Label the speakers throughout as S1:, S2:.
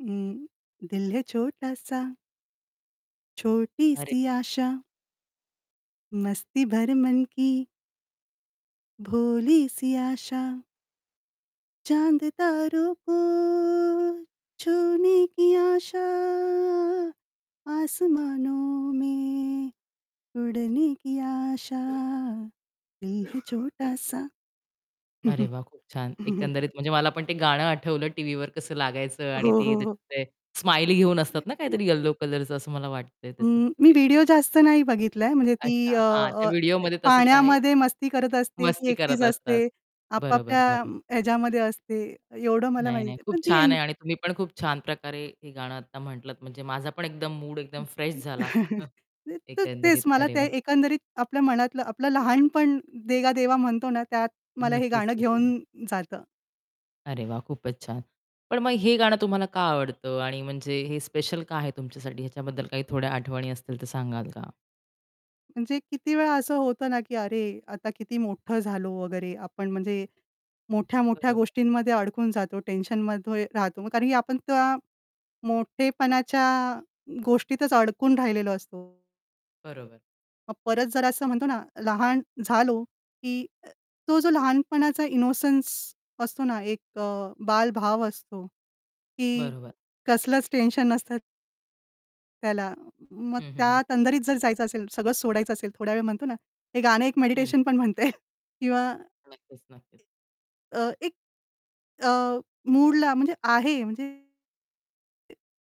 S1: उम्म, दिल है छोटा सा, छोटी
S2: अरे!
S1: सी आशा. मस्ती भरे मन की, भोली सी आशा चाँद तारों को छूने की आशा, आसमानों में उड़ने की आशा. दिल है छोटा सा.
S2: अरे वाह! खूप छान एकंदरीत म्हणजे मला पण ते गाणं आठवलं टीव्हीवर कसं लागायचं
S1: हो,
S2: आणि ती
S1: हो, हो.
S2: त्याच्यात ते स्माईली घेऊन असतात ना,
S1: [unintelligible]
S2: काहीतरी येलो कलरचं असं मला वाटतंय त्याच्यात.
S1: उम्म, मी
S2: ते
S1: व्हिडिओ जास्त नाही बघितलाय म्हणजे ती
S2: अच्छा,
S1: अ,
S2: हां त्या
S1: अ, काय
S2: व्हिडिओमध्ये तसच आहे.
S1: पाण्यामध्ये मस्ती करत असते, ती
S2: मस्ती
S1: एकटीच
S2: करत असतात,
S1: असते.
S2: बरोबर,
S1: आपापल्या
S2: बरोबर.
S1: ह्याच्यामध्ये असते, एवढं मला
S2: नाही,
S1: माहिती
S2: नाही.
S1: आहे. पण
S2: खूप
S1: ती
S2: छान
S1: एन
S2: आहे आणि तुम्ही पण खूप छान प्रकारे हे गाणं आता म्हटलात म्हणजे माझा पण एकदम मूड एकदम
S1: हं,
S2: फ्रेश झाला,
S1: तर
S2: एकंदरीत.
S1: तेच मला
S2: अरे
S1: त्या
S2: वाह!
S1: एकंदरीत आपल्या मनातलं आपलं "लहानपण देगा देवा" म्हणतो ना, त्यात मला हे
S2: नक्कीच,
S1: गाणं
S2: नक्कीच.
S1: घेऊन जातं.
S2: अरे वाह! खूपच छान. पण मग हे गाणं तुम्हाला का आवडतं आणि म्हणजे हे स्पेशल का आहे तुमच्यासाठी? ह्याच्याबद्दल काही थोड्या आठवणी असतील तर सांगाल का?
S1: म्हणजे किती वेळा असं होतं ना, की अरे आता किती मोठं झालो वगैरे, आपण म्हणजे मोठ्या-मोठ्या
S2: बरोबर.
S1: गोष्टींमध्ये अडकून जातो टेन्शनमध्ये राहतो, कारण की आपण त्या मोठेपणाच्या गोष्टीतच अडकून राहिलेलो असतो.
S2: बरोबर.
S1: मग परत जरा असं म्हणतो ना, लहान झालो की अ, तो जो लहानपणाचा इनोसन्स असतो ना, एक अ, बालभाव असतो की
S2: बरोबर.
S1: कसलंच टेन्शन नसतं त्याला मग
S2: हं, हं, हं
S1: त्या तंदरीत जर जायचं असेल, सगळं सोडायचं असेल, थोड्यावेळ म्हणतो ना, हे गाणं एक
S2: हं.
S1: मेडिटेशन पण म्हणता येईल. किंवा
S2: नक्कीच, नक्कीच.
S1: अ, एक, अ, मूडला म्हणजे आहे म्हणजे ते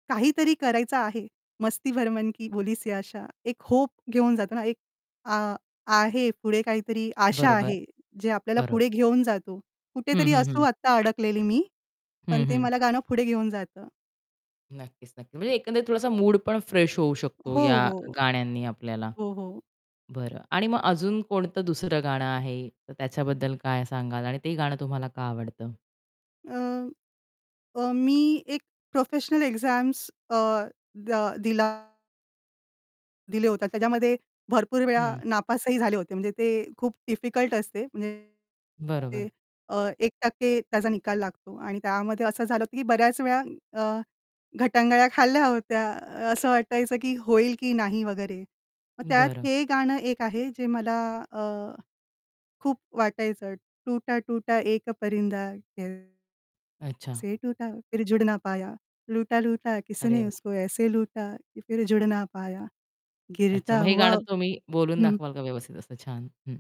S1: काहीतरी करायचं आहे. मस्ती भरे मन की भोलिसी आशा, एक होप घेऊन जातो ना एक, अ, आहे पुढे काहीतरी आशा
S2: बरोबर.
S1: आहे, जे आपल्याला पुढे
S2: बरोबर.
S1: घेऊन जातो.
S2: हं,
S1: कुठेतरी
S2: हं,
S1: असू
S2: हं.
S1: आत्ता अडकलेली मी, पण
S2: हं,
S1: ते
S2: हं.
S1: मला गाणं पुढे घेऊन जातं.
S2: नक्कीच, नक्कीच, म्हणजे एकंदरीत थोडासा मूड पण फ्रेश होऊ शकतो
S1: हो,
S2: या
S1: हो.
S2: गाण्यांनी आपल्याला.
S1: हो, हो.
S2: बरं आणि मग अजून कोणतं दुसरं गाणं आहे तर त्याच्याबद्दल काय सांगाल आणि ते गाणं तुम्हाला का आवडतं?
S1: अ, अ, मी एक प्रोफेशनल एक्झाम्स अ, द दिला दिलं होतं, त्याच्यामध्ये भरपूर वेळा
S2: हं.
S1: नापासही झाले होते. म्हणजे ते खूप डिफिकल्ट असते. म्हणजे
S2: बरोबर.
S1: ते अ, 1% त्याचा निकाल लागतो आणि त्यामध्ये असं झालं होतं की बऱ्याच वेळा अ, गटांगळ्या खाल्ल्या होत्या. असं वाटायचं की होईल की नाही वगैरे. मग त्यात
S2: बरं.
S1: हे गाणं एक आहे जे मला अ, खूप वाटायचं टूटा, टूटा एक परिंदा कैसे
S2: अच्छा.
S1: टूटा फिर जुडना पाया, लूटा, लूटा
S2: अरे
S1: किसने
S2: वाह!
S1: उसको ऐसे लूटा, फिर जुडना पाया,
S2: अच्छा,
S1: गिरता
S2: मग हे गाणं
S1: हुआ
S2: तुम्ही बोलून
S1: हं.
S2: दाखवाल का व्यवस्थित असं छान? हं.